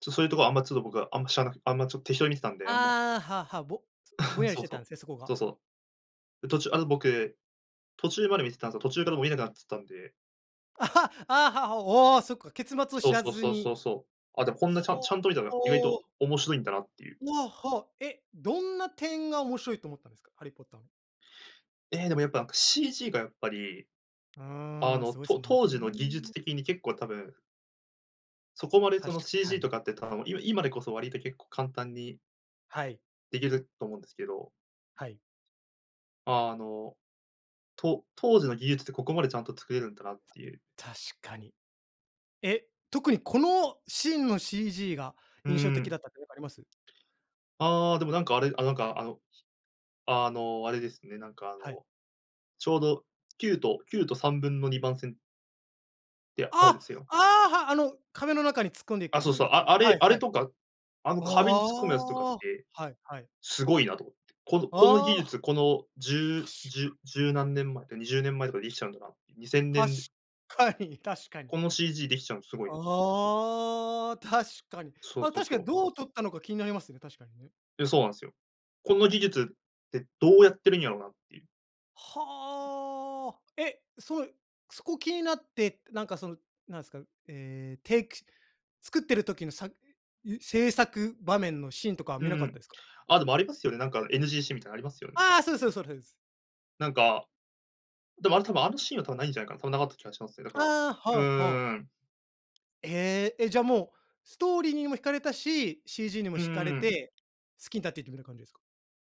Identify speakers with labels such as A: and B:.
A: ちょっとそういうとこは、あんまちょっと僕は、あんま知らなあんまちょっと、適当に見てたんで、あんま
B: ああ、はあはあ、ぼぼん やりし
A: そう
B: て
A: そ
B: たん
A: う。
B: ですね、そこが。
A: そうそう。途中あの、僕、途中まで見てたんすよ、途中からもう見えなくなっつたんで。
B: ああ、はは、おお、そっか、結末を
A: そ
B: 知
A: う
B: ら
A: そう
B: ず
A: そう
B: に。
A: そうそう。あ、で、こんなちゃ
B: ほう。
A: ちゃんと見たら、意外
B: お
A: と
B: お。
A: 面白いんだなっていう。
B: わ、はあ、え、どんな点が、面白いと思ったんですか？ハリー・ポッターの。
A: ええ、でもやっぱ、CG がやっぱり。
B: う
A: あ
B: ーん、
A: の、
B: すごい
A: と
B: すもん
A: 当時の技術
B: ね。
A: 的に、結構たぶんそこまでそ
B: 確
A: の、
B: か
A: CG
B: に。
A: とかってたのも、い今でこそ、割と結構簡単に
B: はい。
A: できると思うんですけど。
B: はい。
A: あの、と当時の技術って、ここまでちゃんと作れるんだなっていう。
B: 確かに。え、特にこのシーンの CG が、
A: う
B: 印象的
A: ん、
B: だったとかなんかあります？
A: ああ、でもなんかあれあ、なんかあの、あの、あれですね。なんかあ
B: はい。
A: の、ちょうど、9と9と3分の2番線って、あるん
B: あ、
A: すよ。
B: ああ、はあ、あの壁の中に突っ込んでい
A: あ、そう
B: く
A: そう。
B: やつ。
A: あ、あ
B: は
A: れ
B: い
A: あ
B: は
A: れ
B: い。
A: とか、あの
B: あ
A: 壁に突っ込むやつとかっ
B: あ。
A: て、
B: はい、はい。
A: すごいなと思って。この、こんな技
B: ああ。
A: 術、このじゅう
B: 確
A: じ
B: か
A: ゅ十何年前とか20年前とかで、できちゃうんだなって。にせんね
B: 確
A: ん
B: かかに確かに。
A: この CG できちゃうの、すごいね。
B: ああ、確かに。
A: そう
B: あ、
A: そう
B: 確か
A: そ
B: に
A: う。
B: どう撮ったのか気になりますね、確かにね。
A: え、そうなんすよ。この技術って、どうやってるんやろなって。
B: はあ。え、そえそこ気になって、なんかそのなんすか、ええ、ていくし作ってる時のさえ、制作場面のシーンとかは
A: う
B: 見なかった
A: ん。
B: ですか？
A: あ、でもありますよね、なんか NG シーンみたいなの、ありますよね。
B: ああ、そうですそうですそうですそうです。
A: なんか。でも、あれ多分、あのシーンは多分、ないんじゃないかな。多分なかった気がしますね、だから
B: ああ、は
A: うんう
B: あはあ。
A: んうんうん。
B: ええ、え、じゃあもう、ストーリーにも惹かれたし、CG にも
A: うー
B: 惹かれ
A: ん。
B: て、好きになっていったみたいな感じですか？